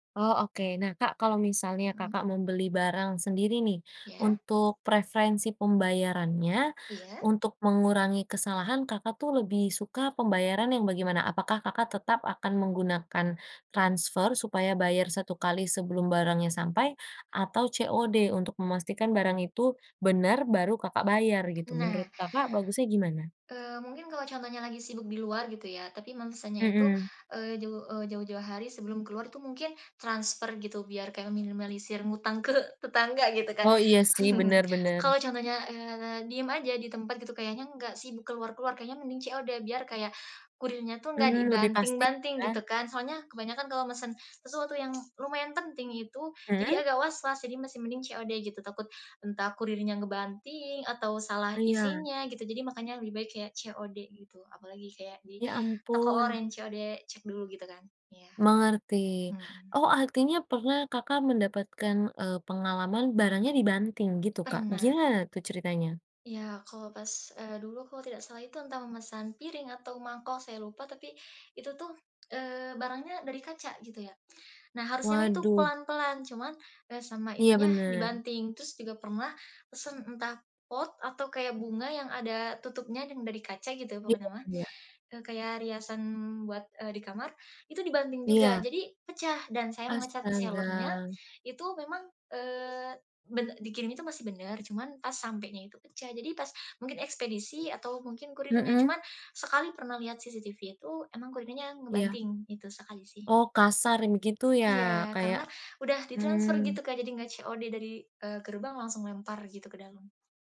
Oh oke, nah Kak, kalau misalnya Mhm. Kakak membeli barang sendiri nih, Ya. untuk preferensi pembayarannya, Iya. untuk mengurangi kesalahan, Kakak tuh lebih suka pembayaran yang bagaimana? Apakah Kakak, tetap akan menggunakan transfer supaya bayar satu kali sebelum barangnya sampai, atau COD untuk memastikan barang itu benar baru Kakak, bayar gitu Nah, menurut Kakak, bagusnya gimana? eee, mungkin kalau contohnya lagi sibuk di luar gitu ya tapi memesannya itu, Mhm. eee, jauh, eee, jauh-jauh hari sebelum keluar itu mungkin transfer gitu biar kayak meminimalisir ngutang ke tetangga gitu kan Oh iya sih, benar benar. kalau contohnya, eee, diem aja di tempat gitu kayaknya nggak sibuk keluar keluar kayaknya mending COD biar kayak, kurirnya tuh nggak Mmm, lebih pasti dibanting-banting kan. gitu kan, soalnya kebanyakan kalau mesen, sesuatu yang lumayan penting itu jadi Mhm? agak was-was, jadi masih mending COD gitu takut, entah kurirnya ngebanting atau salah Iya. isinya gitu jadi makanya lebih baik kayak COD gitu, apalagi kayak di Ya toko ampun. oranye COD cek dulu gitu kan, iya, Mengerti, mmm. oh artinya pernah Kakak, mendapatkan, eee, pengalaman barangnya dibanting gitu Kak? Pernah. Gimana tuh ceritanya? Ya kalau pas, eee, dulu kalau tidak salah itu entah memesan piring atau mangkok saya lupa tapi, itu tuh, eee, barangnya dari kaca gitu ya, nah harusnya itu Waduh. pelan-pelan, cuman, eee, sama Iya itunya benar. dibanting terus juga pernah pesen entah pot atau kayak bunga yang ada tutupnya dan dari kaca gitu Iya.. pokoknya mah, [unintelligible] eee, kayak riasan buat, eee, di kamar itu dibanting juga Iya. jadi pecah dan saya menge-chat seller-nya, Astaga. itu memang, eee, be dikirimin itu masih benar, cuman pas sampenya itu pecah jadi pas mungkin ekspedisi atau mungkin kurirnya, Mhm. cuma sekali pernah lihat CCTV itu emang kurirnya Iya. ngebanting, itu sekali sih. Oh kasar begitu ya, Iya kayak karena udah ditransfer gitu mmm. Kak, jadi nggak COD dari, eee, gerbang langsung lempar gitu ke dalam.